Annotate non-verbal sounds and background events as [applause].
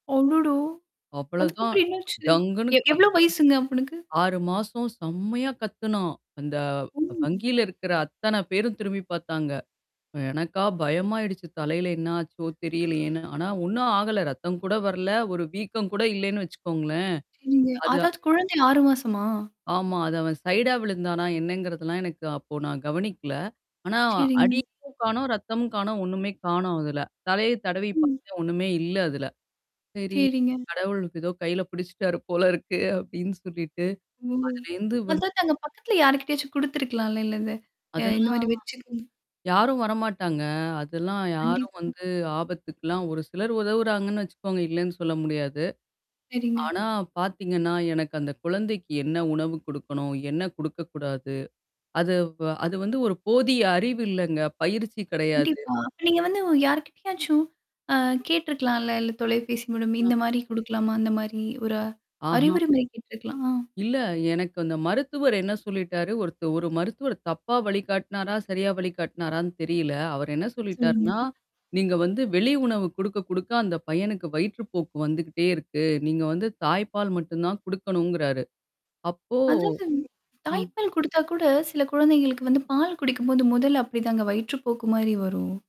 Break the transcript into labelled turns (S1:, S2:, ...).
S1: அடடா!
S2: அவ்ளோதான்.
S1: அதுக்கப்புறம் என்னாச்சு?
S2: டங்குன்னு
S1: எ
S2: காத்
S1: எவ்ளோ வயசுங்க அவனுக்கு?
S2: 6 மாசம் செம்மையா கத்துனான். அந்த
S1: ஓ
S2: வங்கியில இருக்கிற அத்தன பேரும் திரும்பி பார்த்தாங்க. எனக்கா பயமாயிடுச்சு. தலையில என்னாச்சோ! தெரியலையேன்னு. ஆனா, ஒண்ணும் ஆகல. ரத்தம் கூட வரல. ஒரு வீக்கம் கூட இல்லன்னு வச்சுக்கோங்களேன்.
S1: சரிங்க,
S2: அது
S1: அதாவது குழந்தை 6 மாசமா?
S2: ஆமா. அது அவன் சைடா விழுந்தானா என்னங்கிறதெல்லாம் எனக்கு அப்போ நான் கவனிக்கல. ஆனா
S1: சரிங்க.
S2: அடி [unintelligible] காணோம், ரத்தமும் காணோம், ஒண்ணுமே காணோம் அதுல. தலைய தடவி
S1: ம்.
S2: பார்த்தேன் ஒண்ணுமே இல்ல அதுல. சரி,
S1: சரிங்க.
S2: கடவுளுக்கு ஏதோ கையில புடிச்சுட்டாரு போல இருக்கு அப்பிடின்னு சொல்லிட்டு.
S1: ம்.
S2: அதுலருந்து வந்து
S1: அதாங்க அங்க பக்கத்தல யார்க்கிட்டயாச்சும் குடுத்துருக்கலான்ல இல்ல இத அ
S2: அதெல்லாம்
S1: இந்தமாரி வச்சிருங்க.
S2: யாரும் வரமாட்டாங்க. அதெல்லாம் யாரும்
S1: கண்டிப்பா.
S2: வந்து ஆபத்துக்கலாம் ஒரு சிலர் உதவுறாங்கன்னு வச்சுக்கோங்க இல்லேன்னு சொல்ல முடியாது.
S1: சரிங்க.
S2: ஆனா பாத்தீங்கன்னா, எனக்கு அந்த குழந்தைக்கு என்ன உணவு குடுக்கணும்? என்ன குடுக்கக்கூடாது? அது, ப அது வந்து ஒரு போதிய அறிவு இல்லங்க. பயிற்சி கிடையாது.
S1: கண்டிப்பா. அப்ப நீங்க வந்து யார்கிட்டயாச்சும் அ கேட்டுருக்கலான்ல. இல்ல தொலைபேசி மூலம்
S2: அ.
S1: இந்தமாரி குடுக்கலாமா? அந்தமாரி ஒரு
S2: ஆஹா!
S1: அறிவுரை மாதிரி கேட்டு இருக்கலாம். அ.
S2: இல்ல. எனக்கு அந்த மருத்துவர் என்ன சொல்லிட்டாரு, ஒருத்த ஒரு மருத்துவர் தப்பா வழிகாட்டுனாரா! சரியா வழிகாட்னாரான்னு தெரியல. அவர் என்ன
S1: சொல்லுங்க.
S2: சொல்லிட்டார்ன்னா, நீங்க வந்து வெளி உணவு குடுக்க, குடுக்க அந்த பையனுக்கு வயிற்றுப்போக்கு வந்துகிட்டே இருக்கு. நீங்க வந்து தாய்ப்பால் மட்டும் தான் குடுக்கணுங்கிறாரு. அப்போ
S1: அதாங்க.
S2: ஆ.
S1: தாய்ப்பால் குடுத்தா கூட சில குழந்தைகளுக்கு வந்து பால் குடிக்கும்போது முதல்ல அப்பிடிதாங்க வயிற்று போக்கு மாரி வரும்?